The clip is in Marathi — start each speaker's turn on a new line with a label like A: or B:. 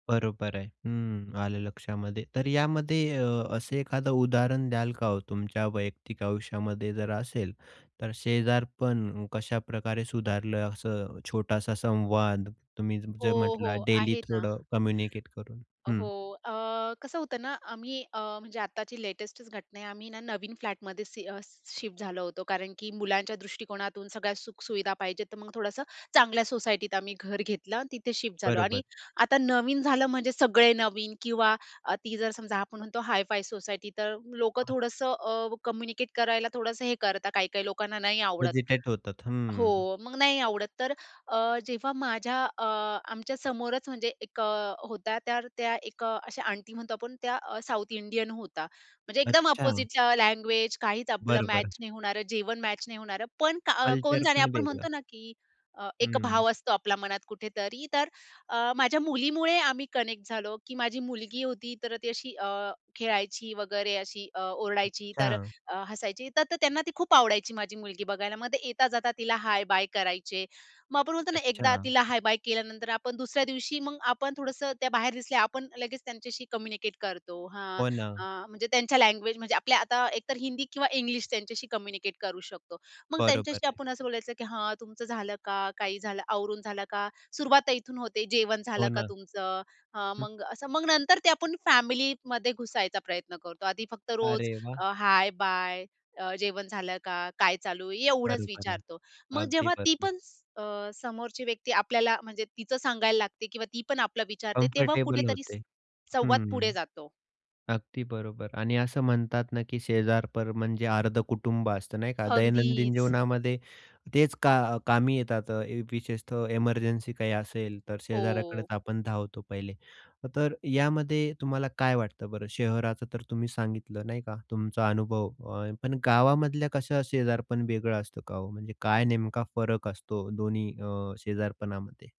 A: बरोबर आहे. हं, आलं लक्षामध्ये. तर यामध्ये अ, असं एखादं उदाहरण द्याल का हो, तुमच्या वैयक्तिक आयुष्यामध्ये जर असेल, तर शेजारपण कशाप्रकारे सुधारलं? असं छोटासा संवाद तुम्ही जर
B: हो,
A: म्हटला,
B: हो.
A: डेली
B: आहे ना.
A: थोडं कम्युनिकेट करून,
B: अ, हो,
A: हं?
B: अ, कसं होतं ना, आम्ही अ, म्हणजे आत्ताची लेटेस्टच घटना आहे आम्ही ना नवीन फ्लॅटमध्ये सि अ, शिफ्ट झालो होतो कारण की, मुलांच्या दृष्टिकोनातून सगळ्या सुखसुविधा पाहिजेत तर मग थोडंसं चांगल्या सोसायटीत आम्ही घर घेतलं आणि तिथे शिफ्ट झालो
A: बरोबर.
B: आणि आता नवीन झालं, म्हणजे सगळे नवीन किंवा अ, ती जर समजा आपण म्हणतो, हाय-फाय सोसायटी, तर लोकं थोडंसं अ, कम्युनिकेट करायला थोडंसं हे करतात काही-काही लोकांना नाही आवडत.
A: हेझिटेट होतात. हं.
B: हो, मग नाही आवडत तर अ, जेव्हा माझ्या अ, आमच्या समोरच, म्हणजे एक अ, होता तर त्या एक अ, अशा आंटी म्हणतो आपण त्या साउथ इंडियन होत्या. म्हणजे, एकदम
A: अच्छा.
B: अपोझिटच्या लँग्वेज, काहीच आपलं
A: बरोबर.
B: मॅच नाही होणारं, जेवण मॅच नाही होणारं, पण का अ, कोण
A: कल्चर
B: जाणे
A: पण
B: आपण
A: वेगळं.
B: म्हणतो ना की, अ, एक
A: हं.
B: भाव असतो आपला मनात कुठेतरी तर अ, माझ्या मुलीमुळे आम्ही कनेक्ट झालो, की माझी मुलगी होती तर, ती अशी अ, खेळायची वगैरे, अशी अ, ओरडायची तर
A: अच्छा.
B: अ, हसायची. तर तर त्यांना ती खूप आवडायची, माझी मुलगी बघायला. मग ते येता-जाता तिला हाय-बाय करायचे. मग आपण म्हणतो ना, एकदा
A: अच्छा.
B: तिला हाय-बाय केल्यानंतर आपण दुसऱ्या दिवशी मग आपण थोडंसं त्या बाहेर दिसल्या, आपण लगेच त्यांच्याशी कम्युनिकेट करतो. हां,
A: हो
B: अ,
A: ना.
B: म्हणजे, त्यांच्या लँग्वेज म्हणजे आपल्या आता एकतर हिंदी किंवा इंग्लिश, त्यांच्याशी कम्युनिकेट करू शकतो. मग
A: बरोबर
B: त्यांच्याशी
A: आहे.
B: आपण असं बोलायचं, की "हां, तुमचं झालं का? काही झालं आवरून झालं का?" सुरुवात इथून होते "जेवण
A: हो
B: झालं का
A: ना.
B: तुमचं?" अ,
A: हं.
B: मग असं मग नंतर ते आपण फॅमिलीमध्ये घुसायचा प्रयत्न करतो. आधी फक्त रोज
A: अरे वाह!
B: अ, हाय-बाय, अ, जेवण झालं का? काय चालू आहे? एवढंच
A: बरोबर आहे,
B: विचारतो. मग
A: अगदी
B: जेव्हा ती
A: बरोबर
B: पण स अ, समोरची व्यक्ती आपल्याला, म्हणजे तिचं सांगायला लागते, किंवा ती पण आपलं विचारते तेव्हा
A: कम्फर्टेबल
B: कुठेतरी
A: होते.
B: स संवाद
A: हं,
B: पुढे
A: हं.
B: जातो.
A: अगदी बरोबर आणि असं म्हणतात ना की, शेजारपर म्हणजे अर्धं कुटुंब असतं, नाही का? दैनंदिन
B: अगदीच.
A: जीवनामध्ये तेच का अ, कामी येतात. अ, विशेषतः एमर्जन्सी काही असेल, तर शेजाऱ्याकडेच
B: हो.
A: आपण धावतो पहिले. अ, तर यामध्ये तुम्हाला काय वाटतं बरं? शहराचं तर तुम्ही सांगितलं, नाही का? तुमचा अनुभव अ, पण गावामधल्या कसं शेजारपण वेगळं असतं का हो? म्हणजे, काय नेमका फरक असतो दोन्ही अ, शेजारपणामध्ये?